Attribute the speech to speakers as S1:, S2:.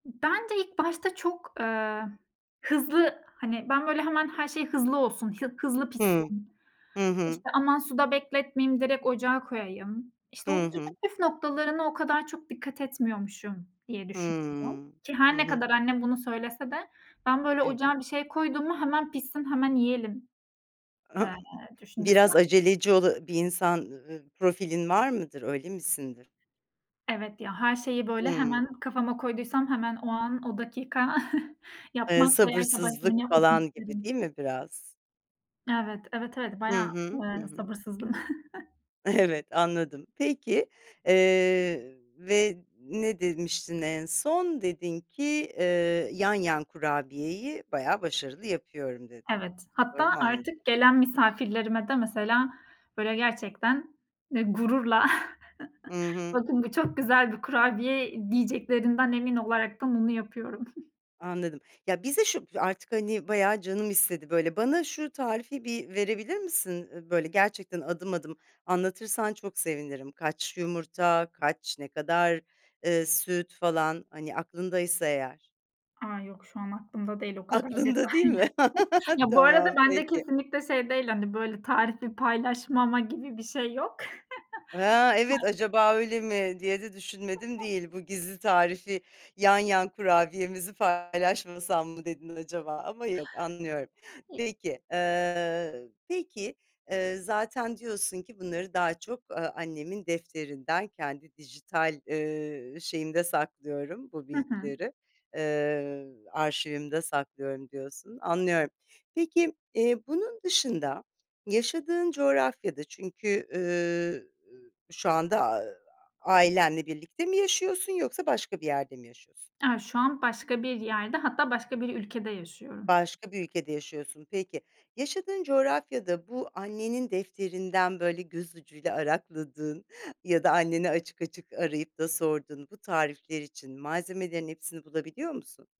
S1: Bence ilk başta çok, ııı, hızlı, hani, ben böyle hemen her şey hızlı olsun, hı hızlı
S2: Hıı.
S1: pişsin,
S2: Hı hı.
S1: işte, aman suda bekletmeyeyim direkt ocağa koyayım, işte, o
S2: Hı
S1: püf
S2: hı.
S1: püf noktalarına o kadar çok dikkat etmiyormuşum, diye düşünüyorum.
S2: Hıı.
S1: Ki
S2: Hı
S1: her ne
S2: hı.
S1: kadar annem bunu söylese de ben böyle
S2: Evet.
S1: ocağa bir şey koydum mu hemen pişsin, hemen yiyelim, eee, düşüncesinde
S2: Biraz aceleci ola ııı, bir insan, ııı, profilin var mıdır, öyle misindir?
S1: Evet, ya, her şeyi, böyle,
S2: Hıı.
S1: hemen kafama koyduysam hemen o an, o dakika
S2: Eee,
S1: yapmak bayağı, işte, başka birinin
S2: sabırsızlık
S1: yapmasını
S2: falan gibi,
S1: isterim.
S2: değil mi, biraz?
S1: Evet, evet, evet
S2: Hı
S1: bayağı,
S2: hı. Hı
S1: ııı,
S2: hı.
S1: sabırsızla
S2: Evet, anladım. Peki, eee, ve ne demiştin en son? Dedin ki, eee, yan yan kurabiyeyi bayağı başarılı yapıyorum dedin.
S1: Evet,
S2: Doğru
S1: hatta
S2: mu anladım?
S1: artık gelen misafirlerime de mesela, böyle, gerçekten, eee, gururla
S2: Hı hı.
S1: bakın bu çok güzel bir kurabiye diyeceklerinden emin olaraktan onu yapıyorum.
S2: Anladım. Ya, bize şu artık, artık bayağı canım istedi böyle. Bana şu tarifi bir verebilir misin? Iıı, böyle, gerçekten adım adım anlatırsan çok sevinirim. Kaç yumurta, kaç, ne kadar, ııı, süt falan, hani aklındaysa eğer.
S1: A, yok şu an aklımda değil o kadar
S2: Aklında değil
S1: detaylı.
S2: mi?
S1: Bu arada
S2: Tamam
S1: bende
S2: peki.
S1: kesinlikle şey değil, hani, böyle tarifi paylaşmama gibi bir şey yok.
S2: Ha, evet,
S1: Ha
S2: acaba öyle mi diye de düşünmedim değil. Bu gizli tarifi yan yan kurabiyemizi paylaşmasam mı dedin acaba ama yok anlıyorum.
S1: [unintelligible]
S2: Peki, ııı, peki, ııı, zaten diyorsun ki bunları daha çok, ııı, annemin defterinden, kendi dijital, ııı, şeyimde saklıyorum bu
S1: Hı hı.
S2: bilgileri, ııı, arşivimde saklıyorum diyorsun. Anlıyorum. Peki, eee, bunun dışında yaşadığın coğrafyada çünkü, ııı, şu anda a ailenle birlikte mi yaşıyorsun yoksa başka bir yerde mi yaşıyorsun?
S1: A, şu an başka bir yerde hatta başka bir ülkede yaşıyorum.
S2: Başka bir ülkede yaşıyorsun. Peki yaşadığın coğrafyada bu annenin defterinden böyle göz ucuyla arakladığın ya da anneni açık açık arayıp da sorduğun bu tarifler için malzemelerin hepsini bulabiliyor musun?